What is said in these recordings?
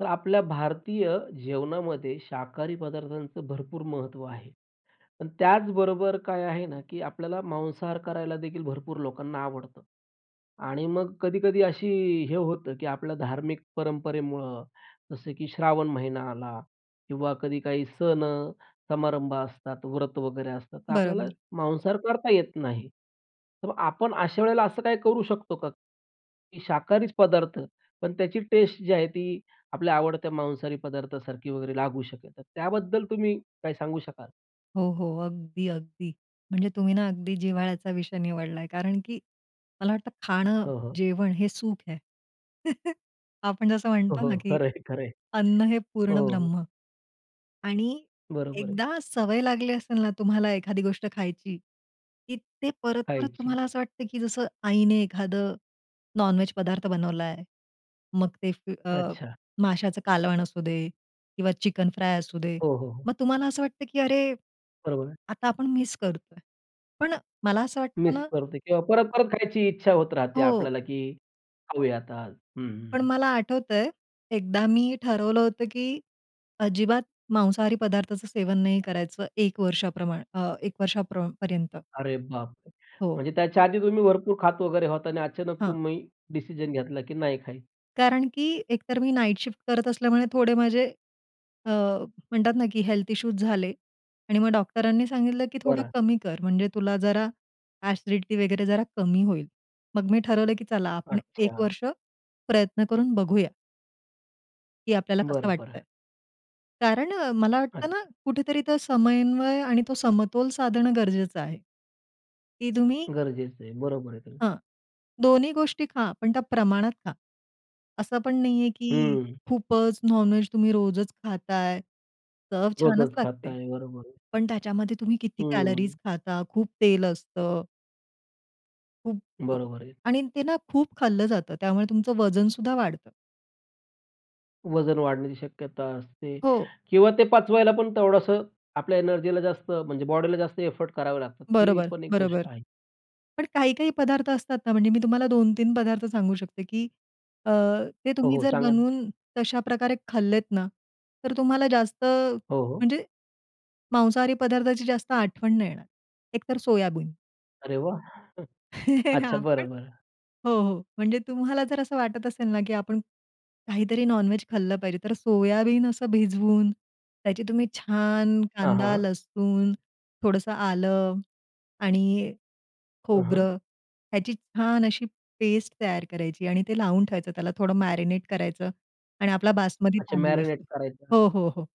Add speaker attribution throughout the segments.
Speaker 1: तर आपल्या भारतीय जेवणामध्ये शाकाहारी पदार्थांचं भरपूर महत्त्व आहे. पण त्याचबरोबर काय आहे ना? की आपल्याला मांसाहार करायला देखील भरपूर लोकांना आवडतं आणि मग कधी-कधी अशी हे होतं, की आपल्या धार्मिक परंपरेमुळं जसं की श्रावण महिना आला किंवा कधी काही सण समारंभ असतात, व्रत वगैरे असतात तर आपल्याला
Speaker 2: बरं.
Speaker 1: मांसाहार करता येत नाही. तर मग आपण अशा वेळेला असं काही करू शकतो का? की शाकाहारीचं पदार्थ पण त्याची टेस्ट जी आहे, ती आपल्या आवडत्या मांसाहारी पदार्थासारखी वगैरे लागू शकेल. तर त्याबद्दल तुम्ही काय सांगू शकाल?
Speaker 2: हो, हो अगदी, अगदी. म्हणजे तुम्ही ना अगदी जिव्हाळ्याचा विषय निवडला आहे. कारण की मला वाटतं खाणं,
Speaker 1: हो, हो.
Speaker 2: जेवण हे सुख आहे. आपण जसं
Speaker 1: हो,
Speaker 2: म्हणतो ना,
Speaker 1: हो.
Speaker 2: की
Speaker 1: खरं आहे, खरं आहे,
Speaker 2: अन्न हे पूर्ण
Speaker 1: हो.
Speaker 2: ब्रह्म आणि
Speaker 1: बरोबर आहे.
Speaker 2: एकदा सवय लागली असेल ना तुम्हाला एखादी गोष्ट खायची, की ते परत-परत
Speaker 1: खायची.
Speaker 2: तुम्हाला असं वाटतं, की जसं आईने एखादं नॉन-व्हेज पदार्थ बनवला आहे. मग ते फी अ,
Speaker 1: अच्छा.
Speaker 2: माशाचं कालवण असू दे किंवा चिकन फ्राय असू दे.
Speaker 1: हो, हो, हो.
Speaker 2: मग तुम्हाला असं वाटतं, की अरे!
Speaker 1: बरोबर आहे.
Speaker 2: आता आपण मिस करतो आहे. पण मला असं वाटतं
Speaker 1: मिस
Speaker 2: ना
Speaker 1: करतो किंवा परत-परत खायची इच्छा होत राहते
Speaker 2: हो.
Speaker 1: आपल्याला की खाऊयात आज. हं,
Speaker 2: पण
Speaker 1: हं.
Speaker 2: मला आठवतं आहे. एकदा मी ठरवलं होतं, की अजिबात मांसाहारी पदार्थाचं सेवन नाही करायचं. 1 वर्षाप्रमाण अ, 1 वर्षा प्र पर्यंत.
Speaker 1: अरे बापरे!
Speaker 2: हो.
Speaker 1: म्हणजे त्याच्या आधी तुम्ही भरपूर खात वगैरे होता आणि अचानक
Speaker 2: हां.
Speaker 1: तुम्ही डिसिजन घेतला की नाही खायचं.
Speaker 2: कारण की एकतर मी नाईट शिफ्ट करत असल्यामुळे थोडे माझे अ, म्हणतात ना, की हेल्थ इश्यूज झाले आणि मग डॉक्टरांनी सांगितलं, की थोडा
Speaker 1: बरं.
Speaker 2: कमी कर. म्हणजे तुला जरा एसिडिटी वगैरे जरा कमी होईल. मग मी ठरवलं, की चला आपण 1
Speaker 1: अच्छा.
Speaker 2: वर्ष प्रयत्न करून बघूया. की आपल्याला कसं
Speaker 1: बरं,
Speaker 2: वाटत
Speaker 1: बरं.
Speaker 2: आहे? कारण मला वाटतं ना
Speaker 1: अच्छा.
Speaker 2: कुठेतरी तो समन्वय आणि तो समतोल साधणं गरजेचं आहे. की तुम्ही
Speaker 1: गरजेचं आहे. बरोबर आहे ते.
Speaker 2: हां. दोन्ही गोष्टी खा पण त्या प्रमाणात खा. असं पण नाही आहे, की
Speaker 1: हं.
Speaker 2: खूपच नॉन व्हेज तुम्ही रोजच खात आहे. चव छानच
Speaker 1: रोजच खात
Speaker 2: लागते.
Speaker 1: आहे. बरोबर आहे.
Speaker 2: पण त्याच्यामध्ये तुम्ही किती
Speaker 1: हं.
Speaker 2: कॅलरीज खाता, खूप तेल असतं. खूप
Speaker 1: बरोबर आहे.
Speaker 2: आणि ते ना खूप खाल्लं जातं. त्यामुळे तुमचं वजन सुद्धा वाढतं.
Speaker 1: वजन वाढण्याची शक्यता असते
Speaker 2: हो.
Speaker 1: किंवा ते पाचवायला पण तेवढंसं आपल्या एनर्जीला जास्त म्हणजे बॉडीला जास्त एफर्ट करावे लागतात. ही
Speaker 2: बरोबर,
Speaker 1: पण एक गोष्ट
Speaker 2: बरोबर.
Speaker 1: आहे.
Speaker 2: पण काही-काही पदार्थ असतात ना म्हणजे मी तुम्हाला 2-3 पदार्थ सांगू शकते, की अ, ते
Speaker 1: हो,
Speaker 2: तुम्ही
Speaker 1: हो.
Speaker 2: जर
Speaker 1: सांगा ना.
Speaker 2: बनवून तशाप्रकारे खाल्लेत ना, तर तुम्हाला जास्त
Speaker 1: हो, हो.
Speaker 2: म्हणजे मांसाहारी पदार्थाची जास्त आठवण नाही येणार. एक तर सोयाबीन.
Speaker 1: अरे वाह! अच्छा.
Speaker 2: आपण
Speaker 1: बरं, बरं.
Speaker 2: हो, हो. म्हणजे तुम्हाला जर असं वाटत असेल ना, की आपण काहीतरी नॉन-व्हेज खाल्लं पाहिजे, तर सोयाबीन असं भिजवून त्याची तुम्ही छान
Speaker 1: हां, हां,
Speaker 2: कांदा,
Speaker 1: हां.
Speaker 2: लसूण, थोडंसं आलं आणि
Speaker 1: हं. हां.
Speaker 2: खोबरं यांची छान अशी पेस्ट तयार करायची आणि ती लावून ठेवायची, त्याला थोडं मॅरिनेट करायचं आणि आपला बासमती
Speaker 1: अच्छा.
Speaker 2: तांदूळ
Speaker 1: मॅरिनेट
Speaker 2: असतो
Speaker 1: करायचं.
Speaker 2: हो, हो, हो.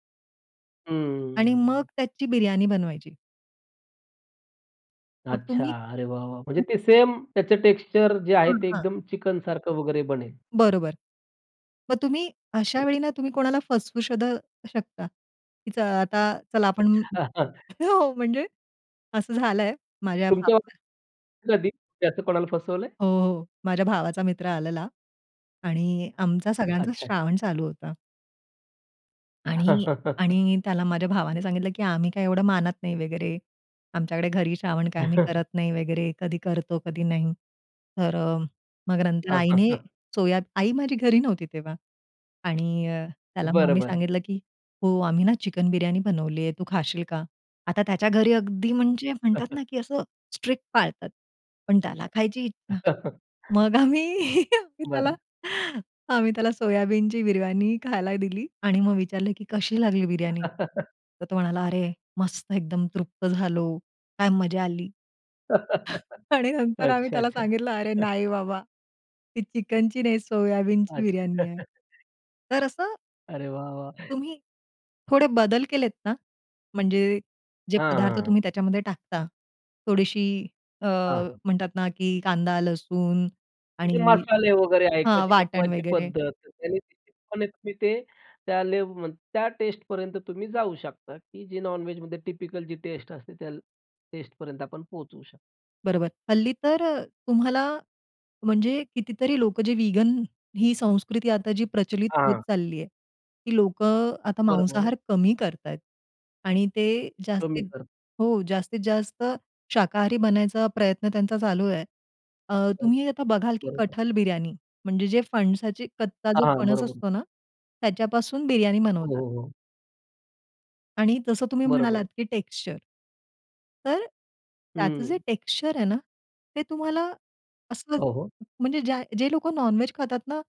Speaker 2: आणि मग
Speaker 1: हम्म.
Speaker 2: त्याची बिर्याणी बनवायची. मग
Speaker 1: अच्छा!
Speaker 2: तुम्ही
Speaker 1: अरे वाह, वाह! म्हणजे
Speaker 2: तुम
Speaker 1: ते सेम त्याचं टेक्स्चर जे आहे
Speaker 2: हं.
Speaker 1: ते
Speaker 2: हां.
Speaker 1: एकदम चिकनसारखं वगैरे बनेल.
Speaker 2: बरोबर. मग तुम्ही अशा
Speaker 1: हं.
Speaker 2: वेळी ना तुम्ही कोणाला फसवू सुद्धा शकता. च अ, आता चला आपण
Speaker 1: अच्छा.
Speaker 2: हो, म्हणजे असं झालंय माझ्या
Speaker 1: तुमच्या
Speaker 2: भावा
Speaker 1: [unintelligible]
Speaker 2: [unintelligible]
Speaker 1: कधी, की असं कोणाला फसवलंय?
Speaker 2: हो, हो. माझ्या भावाचा मित्र आलेला आणि आमचा सगळ्यांचा
Speaker 1: अच्छा, अच्छा.
Speaker 2: श्रावण चालू होता. आणि आणि त्याला माझ्या भावाने सांगितलं, की आम्ही काय एवढं मानत नाही वगैरे. आमच्याकडे घरी श्रावण काय आम्ही करत नाही वगैरे, कधी करतो, कधी नाही. तर अ, मग नंतर
Speaker 1: हां, हां,
Speaker 2: आईने
Speaker 1: हां.
Speaker 2: सोया आई माझी घरी नव्हती तेव्हा. आणि अ, त्याला मग
Speaker 1: बरं,
Speaker 2: आम्ही
Speaker 1: बरं.
Speaker 2: सांगितलं, की "हो, आम्ही ना, चिकन बिर्याणी बनवली आहे, तू खाशील का?" आता त्याच्या घरी अगदी म्हणजे म्हणतात ना, की असं स्ट्रिक्ट पाळतात. पण त्याला खायची इच्छा. मग आम्ही आम्ही त्याला
Speaker 1: बरं.
Speaker 2: आम्ही त्याला सोयाबीनची बिर्याणी खायला दिली आणि मग विचारलं की "कशी लागली बिर्याणी?" तर तो म्हणाला, "अरे, मस्त एकदम तृप्त झालो, काय मजा आली." आणि नंतर आम्ही
Speaker 1: अच्छा,
Speaker 2: त्याला
Speaker 1: अच्छा.
Speaker 2: सांगितलं, "अरे, नाही बाबा, ती चिकनची नाही, सोयाबीनची
Speaker 1: अच्छा.
Speaker 2: बिर्याणी आहे." तर असं
Speaker 1: अरे वाह, वाह!
Speaker 2: तुम्ही थोडे बदल केलेत ना, म्हणजे जे
Speaker 1: हां,
Speaker 2: पदार्थ
Speaker 1: हां, हां.
Speaker 2: तुम्ही त्याच्यामध्ये टाकता. थोडीशी अ,
Speaker 1: हां, हां.
Speaker 2: म्हणतात ना की कांदा, लसूण
Speaker 1: ते
Speaker 2: आणि
Speaker 1: मसाले वगैरे आहेत किंवा
Speaker 2: हां,
Speaker 1: ती
Speaker 2: वाटण
Speaker 1: बनवायची
Speaker 2: वगैरे.
Speaker 1: पद्धत, तर त्याने [unintelligible] ते त्या लेव्ह त्या टेस्टपर्यंत तुम्ही जाऊ शकता की जी नॉन-व्हेजमध्ये टिपिकल जी टेस्ट असते त्या टेस्टपर्यंत आपण पोचू शकतो.
Speaker 2: बरोबर. हल्ली तर अ, तुम्हाला म्हणजे कितीतरी लोकं जे व्हेगन ही संस्कृती आता जी प्रचलित होत
Speaker 1: हां.
Speaker 2: चालली आहे, ती लोकं अ, आता
Speaker 1: बरोबर आहे.
Speaker 2: मांसाहार कमी करतायत आणि ते
Speaker 1: कमी
Speaker 2: जास्तीत
Speaker 1: कर
Speaker 2: हो. जास्तीत जास्त शाकाहारी बनायचा प्रयत्न त्यांचा चालू आहे. अ,
Speaker 1: हां.
Speaker 2: तुम्ही आता बघाल की
Speaker 1: बरोबर.
Speaker 2: कठल बिर्याणी. म्हणजे जे फणसाची कच्चा जो
Speaker 1: हां. हां.
Speaker 2: फणस
Speaker 1: बरोबर.
Speaker 2: असतो ना, त्याच्यापासून बिर्याणी
Speaker 1: हो,
Speaker 2: बनवतात.
Speaker 1: हो, हो.
Speaker 2: आणि जसं तुम्ही
Speaker 1: बरोबर
Speaker 2: म्हणालात
Speaker 1: आहे.
Speaker 2: की टेक्स्चर तर, त्याचं जे
Speaker 1: हं.
Speaker 2: टेक्स्चर आहे ना, ते तुम्हाला असं
Speaker 1: हो, हो.
Speaker 2: म्हणजे ज्या जे लोकं नॉन-व्हेज खातात ना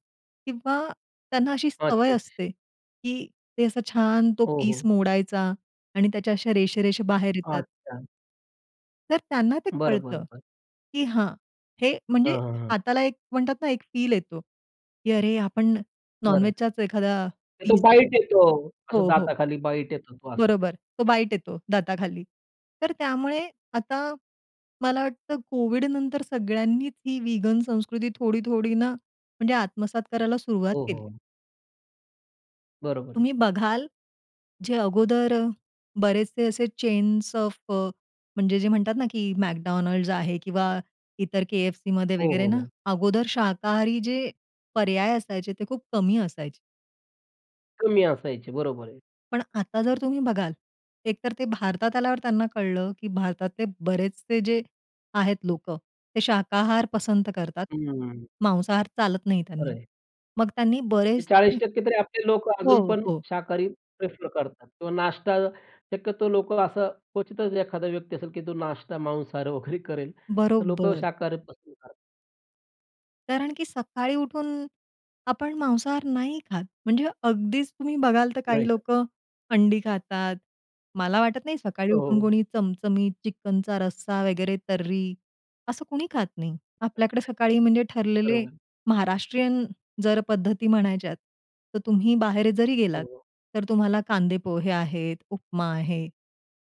Speaker 2: किंवा त्यांना अशी सवय
Speaker 1: अच्छा-अच्छा.
Speaker 2: असते, की ते असा छान तो
Speaker 1: हो,
Speaker 2: पीस
Speaker 1: हो.
Speaker 2: मोडायचा आणि त्याच्या अशा रेषा-रेषा बाहेर येतात.
Speaker 1: अच्छा.
Speaker 2: तर त्यांना ते
Speaker 1: बरं, बरं,
Speaker 2: कळतं,
Speaker 1: बरं.
Speaker 2: की हां, हे म्हणजे
Speaker 1: हां, हां, हां.
Speaker 2: हाताला एक म्हणतात ना एक फील येतो, की अरे, आपण
Speaker 1: बरं.
Speaker 2: नॉनवेजचाच एखादा
Speaker 1: तो
Speaker 2: पिस
Speaker 1: बाईट
Speaker 2: खातोय.
Speaker 1: येतो, असं
Speaker 2: हो, हो.
Speaker 1: दाताखाली बाईट येतो तो असा.
Speaker 2: बरोबर. तो बाईट येतो दाताखाली. तर त्यामुळे आता, मला वाटतं कोव्हिडनंतर सगळ्यांनीच ही विगन संस्कृती थोडी, थोडी ना म्हणजे आत्मसात करायला सुरुवात
Speaker 1: हो,
Speaker 2: केली.
Speaker 1: हो. बरोबर आहे.
Speaker 2: तुम्ही बघाल, जे अगोदर बरेचसे असे चेन्स ऑफ अ, म्हणजे जे म्हणतात ना, की McDonald's आहे किंवा इतर KFCमध्ये
Speaker 1: हो,
Speaker 2: वगैरे
Speaker 1: हो,
Speaker 2: ना,
Speaker 1: हो.
Speaker 2: अगोदर शाकाहारी जे पर्याय असायचे, ते खूप कमी असायचे.
Speaker 1: कमी असायचे. बरोबर आहे.
Speaker 2: पण आता जर तुम्ही बघाल, एकतर ते भारतात आल्यावर त्यांना कळलं, की भारतातले बरेचसे जे आहेत लोकं. ते शाकाहार पसंत करतात.
Speaker 1: हं.
Speaker 2: मांसाहार चालत नाही त्यांना.
Speaker 1: खरं आहे.
Speaker 2: मग त्यांनी
Speaker 1: ते चाळीस
Speaker 2: बरेचसे
Speaker 1: टक्के तरी आपले लोक
Speaker 2: हो,
Speaker 1: अजूनपण
Speaker 2: हो.
Speaker 1: शाकाहारी प्रिफर करतात. किंवा नाश्ता शक्यतो लोक असं क्वचितच एखादा व्यक्ती असेल, की तो नाश्ता मांसाहार वगैरे करेल. तर लोक
Speaker 2: बरोबर.
Speaker 1: शाकाहारी पसंद कर
Speaker 2: कारण की सकाळी उठून आपण मांसाहार नाही खात. म्हणजे अगदीच तुम्ही बघाल तर,
Speaker 1: नाही
Speaker 2: काही
Speaker 1: खात.
Speaker 2: लोकं अंडी खातात. मला वाटत नाही सकाळी उठून
Speaker 1: हो.
Speaker 2: कोणी चमचमीत चिकनचा रस्सा वगैरे, तर्री असं कोणी खात नाही. आपल्याकडे सकाळी म्हणजे ठरलेले
Speaker 1: बरोबर.
Speaker 2: महाराष्ट्रीयन, जर पद्धती म्हणायच्यात तर, तुम्ही बाहेर जरी
Speaker 1: हो,
Speaker 2: गेलात
Speaker 1: हो.
Speaker 2: तर तुम्हाला कांदे पोहे आहेत, उपमा आहे,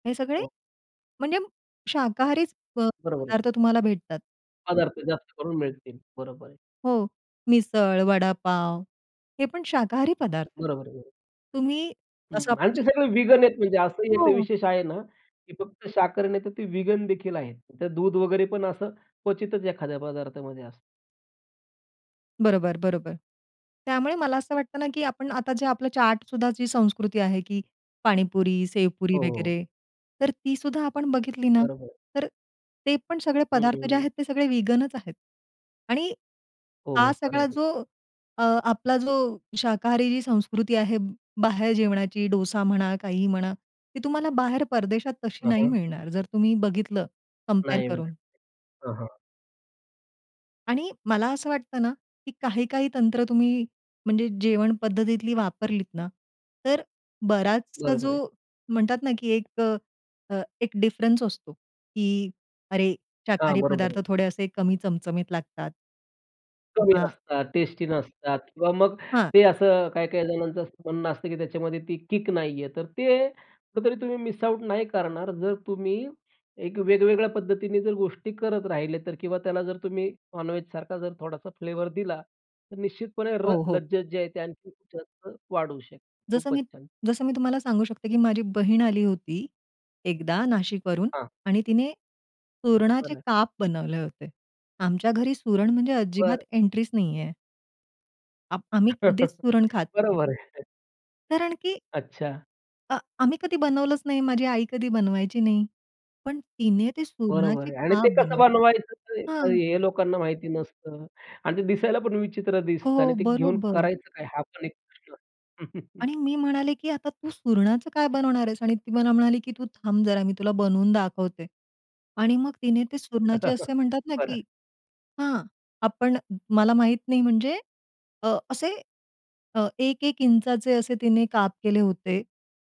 Speaker 2: हे सगळे
Speaker 1: हो.
Speaker 2: म्हणजे शाकाहारीच प
Speaker 1: बरोबर आहे.
Speaker 2: पदार्थ तुम्हाला भेटतात.
Speaker 1: पदार्थ जास्त करून मिळतील. बरोबर आहे.
Speaker 2: हो, मिसळ, वडापाव हे पण शाकाहारी पदार्थ आहेत.
Speaker 1: बरोबर आहे, बरोबर.
Speaker 2: तुम्ही असं
Speaker 1: हं, आणि ते
Speaker 2: म्हणजे
Speaker 1: सगळं वीगन आहेत म्हणजे असंही एक
Speaker 2: हो.
Speaker 1: विशेष आहे, ना की फक्त शाकाहारी नाही तर ते वीगनदेखील आहेत. तर दूध वगैरे पण असं क्वचितच एखाद्या पदार्थामध्ये असतं.
Speaker 2: बरोबर, बरोबर. त्यामुळे मला असं वाटतं ना, की आपण आता जे आपलं चाटसुद्धा जी संस्कृती आहे की पाणीपुरी, सेवपुरी
Speaker 1: हो, हो.
Speaker 2: वगैरे तर ती सुद्धा आपण बघितली ना,
Speaker 1: बरोबर आहे.
Speaker 2: तर ते पण सगळे
Speaker 1: हं, हं,
Speaker 2: पदार्थ जे
Speaker 1: हं.
Speaker 2: आहेत ते सगळे वीगनच आहेत; आणि
Speaker 1: हो,
Speaker 2: हा
Speaker 1: हो, खरं आहे
Speaker 2: सगळा
Speaker 1: ते.
Speaker 2: जो अ, आपला जो शाकाहारी जी संस्कृती आहे बाहेर जेवणाची डोसा म्हणा, काहीही म्हणा ती तुम्हाला बाहेर परदेशात तशी
Speaker 1: हां,
Speaker 2: नाही
Speaker 1: हां.
Speaker 2: मिळणार. जर तुम्ही बघितलं कंपेअर
Speaker 1: नाही, ना.
Speaker 2: करून.
Speaker 1: [unintelligible] हां, हां.
Speaker 2: आणि मला असं वाटतं ना, की काही, काही तंत्र तुम्ही म्हणजे जेवण पद्धतीतली वापरलीत ना तर बराचसा
Speaker 1: बरोबर
Speaker 2: जो
Speaker 1: आहे.
Speaker 2: म्हणतात ना, की एक अ, एक अ, डिफरन्स असतो, की अरे
Speaker 1: हां.
Speaker 2: शाकाहारी
Speaker 1: बरोबर
Speaker 2: पदार्थ
Speaker 1: आहे.
Speaker 2: थोडे असे कमी चमचमीत लागतात.
Speaker 1: कमी
Speaker 2: किंवा
Speaker 1: असतात, टेस्टी नसतात किंवा मग
Speaker 2: हां.
Speaker 1: ते असं काही-काही जणांचं असं म्हणणं असतं, की त्याच्यामध्ये ती किक नाही आहे. तर ते कुठतरी तुम्ही मिस आउट नाही करणार जर तुम्ही एक वेगवेगळ्या पद्धतीने जर गोष्टी करत राहिले तर किंवा त्याला जर तुम्ही नॉनव्हेजसारखा जर थोडासा फ्लेवर दिला तर निश्चितपणे र
Speaker 2: हो, हो.
Speaker 1: लज्जत जे आहे ते आणखीन जास्त वाढवू शकते.
Speaker 2: जसं
Speaker 1: खूपच
Speaker 2: मी
Speaker 1: छान.
Speaker 2: जसं मी तुम्हाला सांगू शकते, की माझी बहीण आली होती. एकदा नाशिकवरून
Speaker 1: हां.
Speaker 2: आणि तिने सुरणाचे
Speaker 1: बरं.
Speaker 2: काप बनवले होते. आमच्या घरी सुरण म्हणजे
Speaker 1: बरं.
Speaker 2: अजिबात एंट्रीच नाहीये. आप आम्ही कधीच सुरण खात नाही.
Speaker 1: बरोबर आहे.
Speaker 2: कारण की
Speaker 1: अच्छा.
Speaker 2: अ आम्ही कधी बनवलंच नाही, माझी आई कधी बनवायची नाही. पण तिने ते
Speaker 1: बरोबर
Speaker 2: सुरणाचे
Speaker 1: आहे आणि ते
Speaker 2: काप
Speaker 1: कसं
Speaker 2: बनवले.
Speaker 1: बनवायचं,
Speaker 2: हां.
Speaker 1: हे लोकांना माहिती नसतं आणि ते दिसायला पण विचित्र दिसतं आणि
Speaker 2: हो.
Speaker 1: ते घेऊन
Speaker 2: बरोबर.
Speaker 1: करायचं काय हा पण एक प्रश्न.
Speaker 2: आणि मी म्हणाले, की आता तू सुरणाचं काय बनवणार आहेस आणि ती मला म्हणाली की, "तू थांब जरा मी तुला बनवून दाखवते." आणि मग तिने ते सुरणाचे असे म्हणतात ना,
Speaker 1: बरं.
Speaker 2: की हां, आपण मला माहित नाही म्हणजे अ, असे एक-एक इंचाचे असे तिने काप केले होते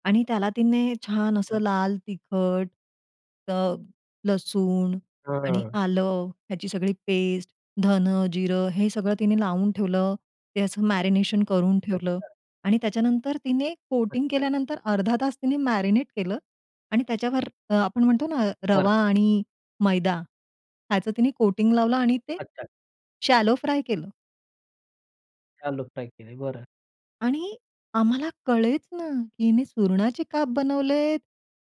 Speaker 2: आणि त्याला तिने छान असं
Speaker 1: अच्छा.
Speaker 2: लाल तिखट, अ, लसूण, आणि
Speaker 1: हां.
Speaker 2: आलं, ह्याची सगळी पेस्ट, धन, जिरं हे सगळं तिने लावून ठेवलं, त्याचं मॅरिनेशन करून ठेवलं.
Speaker 1: अच्छा.
Speaker 2: आणि त्याच्यानंतर तिने कोटिंग
Speaker 1: अच्छा.
Speaker 2: केल्यानंतर अर्धा तास तिने केलं आणि त्याच्यावर आपण म्हणतो ना
Speaker 1: बरं.
Speaker 2: रवा आणि मैदा ह्याचं तिने कोटिंग लावलं आणि ते
Speaker 1: अच्छा.
Speaker 2: शॅलो फ्राय केलं.
Speaker 1: शॅलो फ्राय केली. बरं.
Speaker 2: आणि आम्हाला कळेच ना, की हिने सुरणाचे काप बनवलेत,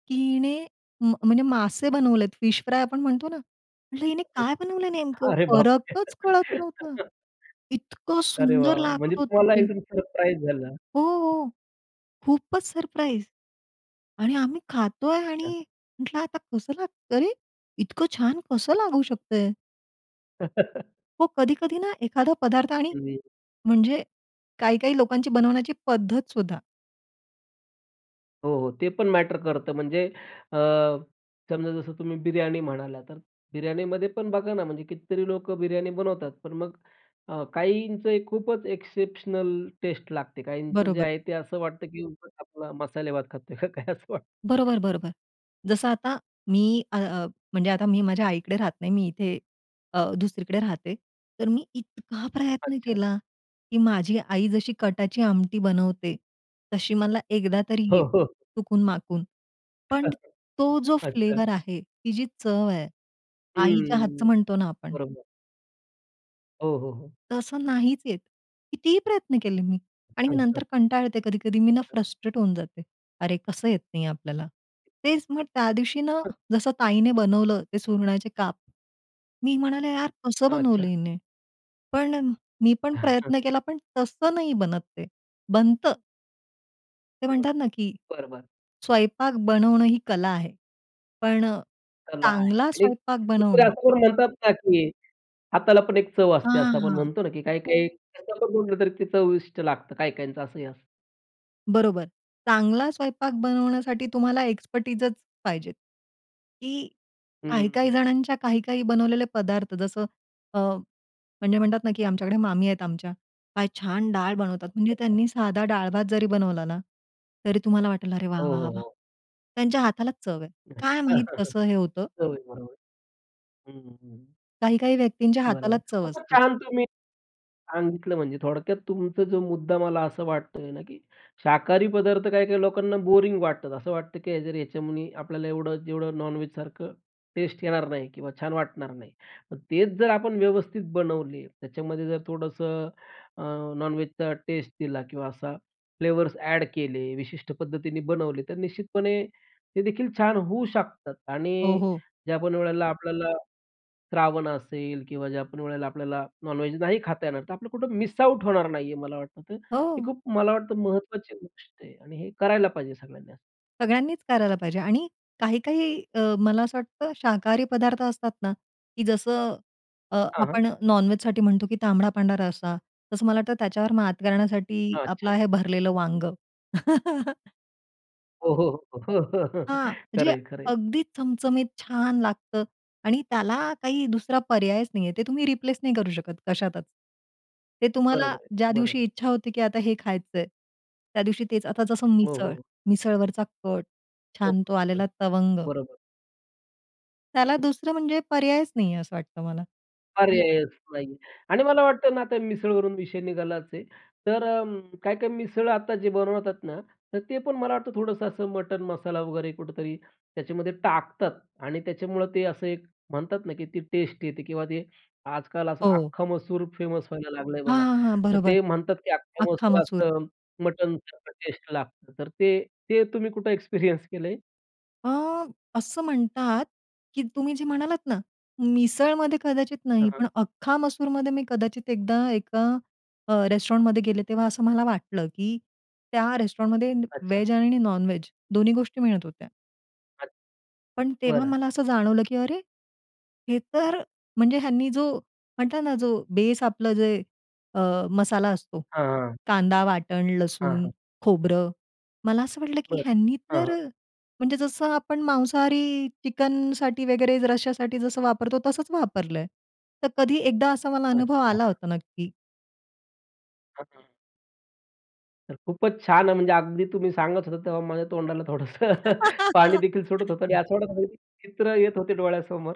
Speaker 2: की हिने म म्हणजे मासे बनवलेत, फिश फ्राय आपण म्हणतो ना, म्हंटलं हिने
Speaker 1: [unintelligible]
Speaker 2: काय बनवलंय नेमकं
Speaker 1: अरे बापरे!
Speaker 2: फरकच कळत नव्हता. इतकं
Speaker 1: अरे
Speaker 2: सुंदर
Speaker 1: वाह, वाह! म्हणजे
Speaker 2: लागत होतं
Speaker 1: तुम्हाला
Speaker 2: ते.
Speaker 1: एकदम सरप्राईज झालं.
Speaker 2: हो, हो. खूपचं सरप्राईज आणि आम्ही खातोय
Speaker 1: अच्छा.
Speaker 2: आणि म्हटलं, "आता कसं लागत अरे! इतकं छान कसं लागू शकतंय?" हो, कधी-कधी ना एखादा पदार्थ आणि
Speaker 1: हं.
Speaker 2: म्हणजे काही-काही लोकांची बनवण्याची पद्धत सुद्धा.
Speaker 1: हो, हो, ते पण मॅटर करतं. म्हणजे अ, समजा जसं तुम्ही बिर्याणी म्हणाला, तर बिर्याणीमध्ये पण बघा ना म्हणजे कितीतरी लोकं बिर्याणी बनवतात. पण मग अ, काहींचं खूपच एक्सेप्शनल टेस्ट लागते. काहींचं जे
Speaker 2: बरोबर.
Speaker 1: आहे ते असं वाटतं, की उगाच आपला मसाले भात खातोय का काय असं वाटतं.
Speaker 2: बरोबर, बरोबर. जसं आता मी अ, अ, म्हणजे आता मी माझ्या आईकडे राहत नाही, मी इथे अ, दुसरीकडे राहते. तर मी इतका प्रयत्न
Speaker 1: अच्छा.
Speaker 2: केला की माझी आई जशी कटाची आमटी बनवते, तशी मला एकदा तरी
Speaker 1: हो,
Speaker 2: येईल
Speaker 1: हो.
Speaker 2: चुकून-माकून. पण तो जो
Speaker 1: अच्छा.
Speaker 2: फ्लेवर आहे, ती जी चव आहे, आईच्या
Speaker 1: हम्म.
Speaker 2: हातचं म्हणतो ना, आपण
Speaker 1: बरोबर. हो, हो, हो.
Speaker 2: तसं नाहीचं येत. कितीही प्रयत्न केले मी आणि नंतर कंटाळते, कधी-कधी मी ना,
Speaker 1: [unintelligible]
Speaker 2: फ्रस्ट्रेट होऊन जाते. अरे, कसं येत नाही आपल्याला. तेचं मग त्या दिवशी ना,
Speaker 1: हं.
Speaker 2: जसं ताईने बनवलं, ते सुरणाचे काप, मी म्हणाले, "यार, कसं बनवलं
Speaker 1: अच्छा.
Speaker 2: हिने?" पण, मी पण प्रयत्न केला, पण तसं नाही बनत ते, बनतं ते
Speaker 1: बरोबर.
Speaker 2: म्हणतात ना, की
Speaker 1: बरं, बरं.
Speaker 2: स्वयंपाक बनवणं ही कला आहे, पण अ,
Speaker 1: कला आहे.
Speaker 2: चांगला
Speaker 1: आणि
Speaker 2: स्वयंपाक
Speaker 1: कुणीतरी
Speaker 2: बनवणं
Speaker 1: असं म्हणतात ना, की हाताला पण एक चव असते,
Speaker 2: हां,
Speaker 1: असं आपण
Speaker 2: हां.
Speaker 1: म्हणतो ना, की काही-काही कसही बनवले तरी चवीष्ट लागतं काही-काहीचं, असं असतं.
Speaker 2: बरोबर. चांगला स्वयंपाक बनवण्यासाठी तुम्हाला एक्स्पर्टाईजचं पाहिजे. की काही-काही
Speaker 1: हं.
Speaker 2: जणांच्या, काही-काही बनवलेले पदार्थ जसं, अ, म्हणजे म्हणतात ना की आमच्याकडे मामी आहेत आमच्या. काय छान डाळ बनवतात! म्हणजे
Speaker 1: अच्छा.
Speaker 2: त्यांनी साधा डाळ भात जरी बनवला ना, तरी तुम्हाला वाटेल, "अरे वाह,
Speaker 1: हो,
Speaker 2: वाह, वाह,
Speaker 1: हो
Speaker 2: वाह!"
Speaker 1: ,हो.
Speaker 2: त्यांच्या हातालाच चव आहे.
Speaker 1: अच्छा!
Speaker 2: काय माहीत कसं हे होतं.
Speaker 1: चव बरोबर. हं, हं.
Speaker 2: काही-काही व्यक्तींच्या
Speaker 1: बरोबर.
Speaker 2: हातालाच चव
Speaker 1: खूपचं
Speaker 2: असते.
Speaker 1: छान तुम्ही सांगितलं, म्हणजे थोडक्यात तुमचा जो मुद्दा मला असं वाटतोय ना, की शाकाहारी पदार्थ काही-काही लोकांना बोरिंग वाटतात. असं वाटतं की जर याच्यामध्ये आपल्याला एवढं जेवढं नॉन-व्हेज सारखं टेस्ट येणार नाही किंवा छान वाटणार नाही. मग तेच जर आपण व्यवस्थित बनवले, त्याच्यामध्ये जर थोडंसं अ, नॉन-व्हेजचा टेस्ट दिला, किंवा असा फ्लेवर्स ॲड केले, विशिष्ट पद्धतीने बनवले, तर निश्चितपणे ते देखील छान होऊ शकतात.
Speaker 2: हो,
Speaker 1: आणि
Speaker 2: हो.
Speaker 1: ज्या पण वेळेला आपल्याला श्रावण असेल, किंवा ज्या पण वेळेला आपल्याला नॉन-व्हेज नाही खाता येणार, तर आपलं कुठं मिस आउट होणार नाही आहे, मला वाटतं ते. तर हे
Speaker 2: हो.
Speaker 1: खूप मला वाटतं महत्वाची गोष्ट आहे. आणि हे करायला पाहिजे सगळ्यांनी.
Speaker 2: सगळ्यांनीच करायला पाहिजे आणि काही-काही अ, मला असं वाटतं शाकाहारी पदार्थ असतात ना, की जसं अ,
Speaker 1: हां, हां.
Speaker 2: आपण नॉन वेजसाठी म्हणतो की तांबडा पांढरा रस्सा, तसं मला वाटतं त्याच्यावर मात करण्यासाठी,
Speaker 1: अच्छा.
Speaker 2: आपलं आहे भरलेलं वांगं.
Speaker 1: हो, हो, हो, हो.
Speaker 2: हां,
Speaker 1: खरं
Speaker 2: म्हणजे
Speaker 1: आहे, खरं आहे.
Speaker 2: अगदीच चमचमीत छान लागतं आणि त्याला काही दुसरा पर्यायच नाही आहे. ते तुम्ही रिप्लेस नाही करू शकत, कशातच. ते तुम्हाला
Speaker 1: बरोबर
Speaker 2: ज्या
Speaker 1: आहे, बरोबर
Speaker 2: दिवशी
Speaker 1: आहे.
Speaker 2: इच्छा होती की आता हे खायचं आहे, त्या दिवशी तेच. आता जसं
Speaker 1: हो,
Speaker 2: मिसळ,
Speaker 1: हो.
Speaker 2: मिसळवरचा कट, छान तो
Speaker 1: ओके.
Speaker 2: आलेला तवंग.
Speaker 1: बरोबर.
Speaker 2: त्याला दुसरं म्हणजे पर्यायच नाही आहे असं वाटतं मला. [unintelligible]
Speaker 1: पर्यायच नाही आहे आणि मला वाटतं ना आता मिसळवरून विषय निघालाच आहे. तर अं, काय-काय मिसळ आता जे बनवतात ना, तर ते पण मला वाटतं थोडंसं असं मटण मसाला वगैरे कुठेतरी त्याच्यामध्ये टाकतात आणि त्याच्यामुळं ते असं एक म्हणतात ना, की ती टेस्ट येते किंवा ते आजकाल असं
Speaker 2: हो.
Speaker 1: अख्खा मसूर फेमस व्हायला लागल आहे
Speaker 2: हां,
Speaker 1: बघा.
Speaker 2: हां, हां,
Speaker 1: तर
Speaker 2: बरोबर.
Speaker 1: ते म्हणतात की अख्ख्या
Speaker 2: अख्खा मसूर.
Speaker 1: मसुराच मटणसारखं टेस्ट लागतं. तर ते ते तुम्ही कुठं एक्सपिरियन्स केल आहे?
Speaker 2: अ, असं म्हणतात, की तुम्ही जे म्हणालात ना, मिसळमध्ये कदाचित
Speaker 1: हां,
Speaker 2: नाही,
Speaker 1: हां.
Speaker 2: पण अख्खा मसूरमध्ये, मी कदाचित एकदा, एका अ, रेस्टॉरंटमध्ये गेले, तेव्हा असं मला वाटलं, की त्या रेस्टॉरंटमध्ये
Speaker 1: अच्छा.
Speaker 2: व्हेज आणि नॉनव्हेज दोन्ही गोष्टी मिळत होत्या.
Speaker 1: अच्
Speaker 2: पण तेव्हा
Speaker 1: बरं.
Speaker 2: मला असं जाणवलं, की अरे, हे तर, म्हणजे ह्यांनी जो म्हटलं ना, जो बेस आपलं जे, अ, मसाला असतो,
Speaker 1: हां, हां.
Speaker 2: कांदा-वाटण,
Speaker 1: हां,
Speaker 2: लसूण,
Speaker 1: हां.
Speaker 2: खोबरं, मला असं वाटलं, की
Speaker 1: बरं,
Speaker 2: ह्यांनी
Speaker 1: हां,
Speaker 2: तर
Speaker 1: हां.
Speaker 2: म्हणजे जसं आपण मांसाहारी चिकनसाठी वगैरे रस्शासाठी जसं वापरतो, तसंच वापरलंय. तर कधी एकदा असा मला अनुभव
Speaker 1: अच्छा.
Speaker 2: आला होता, नक्की.
Speaker 1: हां, हां. तर खूपच छान, म्हणजे अगदी तुम्ही सांगत होता, तेव्हा माझ्या तोंडाला थोडंसं पाणी देखील सुटत होतं आणि
Speaker 2: [unintelligible]
Speaker 1: असं वाटत, चित्र येत होते डोळ्यासमोर.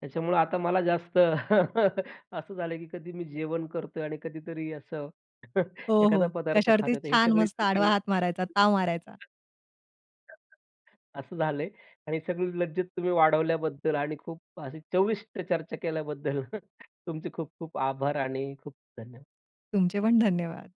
Speaker 1: त्याच्यामुळं आता मला जास्त असं झालं की कधी मी जेवण करतो आणि कधीतरी असं
Speaker 2: हो,
Speaker 1: एखादा
Speaker 2: हो,
Speaker 1: पदार्थ
Speaker 2: कश्यावरती
Speaker 1: खातो तर हे
Speaker 2: छान!
Speaker 1: सगळेच
Speaker 2: मस्त आडवा
Speaker 1: कृती
Speaker 2: हात मारायचा,
Speaker 1: [unintelligible]
Speaker 2: ताव मारायचा.
Speaker 1: असं झालं आहे आणि सगळी लज्जत तुम्ही वाढवल्याबद्दल आणि खूप अशी चविष्ट चर्चा केल्याबद्दल, तुमचे खूप खूप आभार आणि खूप धन्यवाद.
Speaker 2: तुमचे पण धन्यवाद.